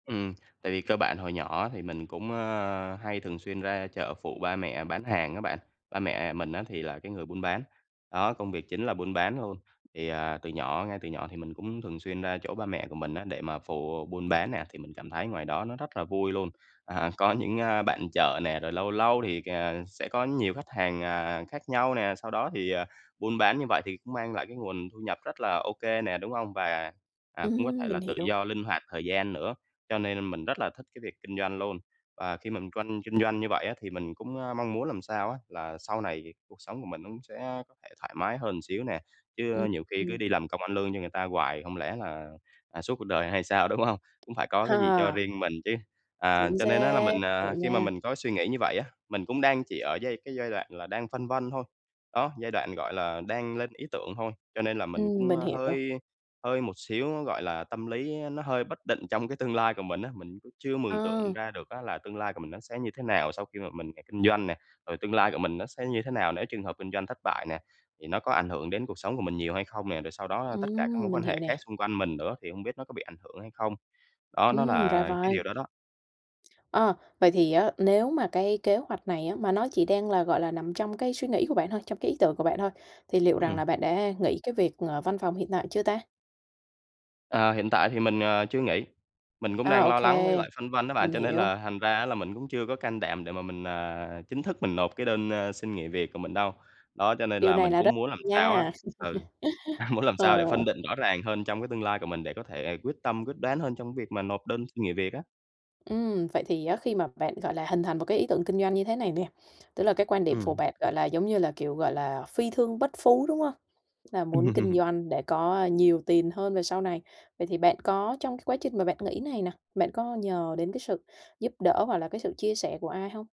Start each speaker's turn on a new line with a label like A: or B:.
A: Ừm, tại vì cơ bản hồi nhỏ thì mình cũng, ơ, hay thường xuyên ra chợ phụ ba mẹ bán hàng á bạn, ba mẹ mình á thì là cái người buôn bán, đó, công việc chính là buôn bán luôn. Thì, à, từ nhỏ ngay từ nhỏ thì mình cũng thường xuyên ra chỗ ba mẹ của mình á để mà phụ buôn bán nè, thì mình cảm thấy ngoài đó nó rất là vui luôn. À, có những, a, bạn chợ nè, rồi lâu lâu thì, à, sẽ có nhiều khách hàng, à, khác nhau nè, sau đó thì, à, buôn bán như vậy thì cũng mang lại cái nguồn thu nhập rất là ô kê nè, đúng hông? Và, à, cũng có
B: Ưm,
A: thể
B: mình
A: là tự
B: hiểu.
A: do linh hoạt thời gian nữa, cho nên mình rất là thích cái việc kinh doanh luôn. Và khi mình tranh kinh doanh như vậy á thì mình cũng, a, mong muốn làm sao á là sau này thì cuộc sống của mình nó cũng sẽ có thể thoải mái hơn một xíu nè,
B: Ưm,
A: chứ nhiều khi cứ
B: ừm.
A: đi làm công ăn lương như người ta hoài không lẽ là, à, suốt cuộc đời hay sao, đúng hông? Cũng phải có cái gì cho
B: Hà.
A: riêng mình chứ. À,
B: Chính
A: cho nên á là
B: xác,
A: mình, à,
B: hiểu
A: khi mà
B: nha.
A: mình có suy nghĩ như vậy á, mình cũng đang chỉ ở giai cái giai đoạn là đang phân vân thôi. Đó, giai đoạn, gọi là, đang lên ý tưởng thôi, cho nên là mình
B: Ừm,
A: cũng,
B: mình
A: a,
B: hiểu.
A: hơi hơi một xíu á, gọi là, tâm lý nó hơi bất định trong cái tương lai của mình á. Mình cũng chưa mường
B: Ờ.
A: tượng ra được á là tương lai của mình nó sẽ như thế nào sau khi mà mình ra kinh doanh nè. Rồi tương lai của mình nó sẽ như thế nào nếu trường hợp kinh doanh thất bại nè, thì nó có ảnh hưởng đến cuộc sống của mình nhiều hay không nè, rồi sau đó tất cả các mối
B: Ừm, mình
A: quan
B: hiểu
A: hệ khác
B: nè.
A: xung quanh mình nữa thì hông biết nó có bị ảnh hưởng hay không. Đó, nó
B: Ưm, ra
A: là cái
B: vậy.
A: điều đó đó.
B: Ơ, vậy thì á nếu mà cái kế hoạch này á mà nó chỉ đang là, gọi là, nằm trong cái suy nghĩ của bạn thôi, trong cái ý tưởng của bạn thôi thì liệu rằng
A: Ừm.
B: là bạn đã nghỉ cái việc, ngờ, văn phòng hiện tại chưa ta?
A: Ờ, hiện tại thì mình, ờ, chưa nghỉ. Mình cũng
B: À,
A: đang
B: ô
A: lo lắng với
B: kê,
A: lại phân vân đó bạn,
B: mình
A: cho nên
B: hiểu.
A: là thành ra á là mình cũng chưa có can đảm để mà mình, à, chính thức mình nộp cái đơn, ơ, xin nghỉ việc của mình đâu. Đó, cho nên
B: Điều
A: là
B: này
A: mình
B: là
A: cũng
B: rất
A: muốn làm sao á
B: nha,
A: ừ, a, muốn làm
B: ờ.
A: sao để phân định rõ ràng hơn trong cái tương lai của mình để có thể quyết tâm, quyết đoán hơn trong cái việc mà nộp đơn nghỉ việc á.
B: Ưm, vậy thì á khi mà bạn, gọi là, hình thành một cái ý tưởng kinh doanh như thế này nè, tức là cái quan điểm của
A: Ừm.
B: bạn, gọi là, giống như là, kiểu, gọi là, phi thương bất phú, đúng hông? Là muốn kinh doanh để có nhiều tiền hơn về sau này. Vậy thì bạn có trong cái quá trình mà bạn nghĩ này nè, bạn có nhờ đến cái sự giúp đỡ hoặc là cái sự chia sẻ của ai không?